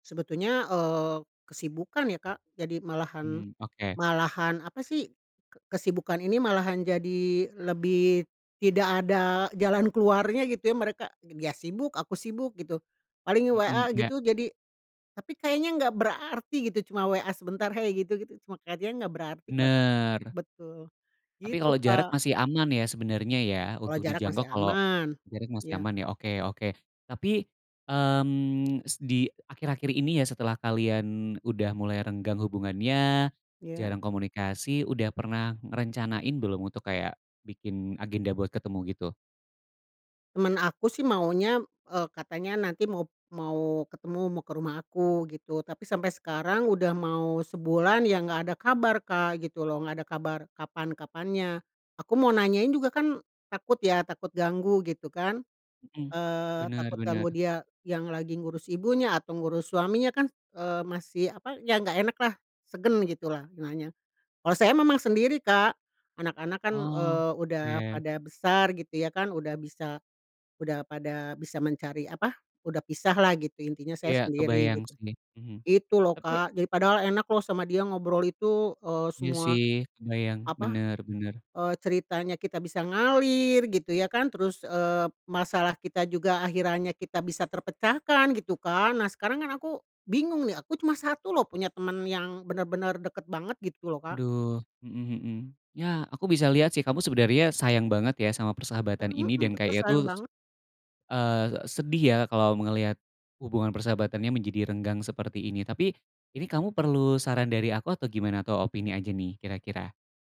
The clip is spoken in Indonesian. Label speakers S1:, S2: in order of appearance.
S1: Sebetulnya, eee, kesibukan ya, Kak, jadi malahan
S2: Mmm, oke.
S1: malahan, apa sih kesibukan ini malahan jadi lebih tidak ada jalan keluarnya gitu ya, mereka ya sibuk, aku sibuk gitu, paling
S2: Mhm,
S1: WA
S2: iya.
S1: gitu jadi, tapi kayaknya nggak berarti gitu cuma WA sebentar, hey gitu gitu cuma kayak dia nggak berarti kalo kata
S2: Bener.
S1: betul
S2: Tapi
S1: gitu,
S2: kalo jarak
S1: Kak.
S2: masih aman ya, sebenernya ya
S1: Kalau
S2: untuk
S1: jarak
S2: dijangkau
S1: masih
S2: kalo
S1: aman,
S2: jarak masih
S1: iya.
S2: aman ya, oke oke, tapi, mmm, s di akhir-akhir ini ya setelah kalian udah mulai renggang hubungannya,
S1: Iya.
S2: jarang komunikasi, udah pernah ngerencanain belum untuk kayak bikin agenda buat ketemu gitu?
S1: Temen aku sih maunya, eee, katanya nanti mau mau ketemu mau ke rumah aku gitu, tapi sampai sekarang udah mau sebulan ya nggak ada kabar, Kak, gitu loh nggak ada kabar kapan kapannya. Aku mau nanyain juga kan takut ya, takut ganggu gitu kan
S2: Mhm,
S1: eee,
S2: bener
S1: takut
S2: bener.
S1: ganggu dia yang lagi ngurus ibunya atau ngurus suaminya kan, eee, masih, apa ya nggak enak lah, segan gitu lah nanya. Kalau saya memang sendiri, Kak, anak-anak kan,
S2: Oh,
S1: eee, udah
S2: oke.
S1: pada besar gitu ya kan udah bisa udah pada bisa mencari, apa udah pisah lah gitu intinya saya
S2: Ya
S1: sendiri
S2: kebayang
S1: gitu.
S2: sih, mhm,
S1: Gitu loh,
S2: tapi
S1: Kak. Jadi padahal enak loh sama dia ngobrol itu, eee,
S2: Iya
S1: semua,
S2: sih kebayang,
S1: apa
S2: bener bener.
S1: eee, ceritanya kita bisa ngalir gitu ya kan terus, eee, masalah kita juga akhirannya kita bisa terpecahkan gitu kan. Nah, sekarang kan aku bingung nih aku cuma 1 loh punya temen yang bener-bener deket banget gitu loh, Kak.
S2: Aduh, mhm mhm, ya aku bisa lihat sih kamu sebenernya sayang banget ya, sama persahabatan ini
S1: Mhm,
S2: dan
S1: betul
S2: kayaknya tuh
S1: sayang
S2: s
S1: banget.
S2: eee, sedih ya kalau melihat hubungan persahabatannya menjadi renggang seperti ini, tapi ini kamu perlu saran dari aku, atau gimana atau opini aja nih kira-kira?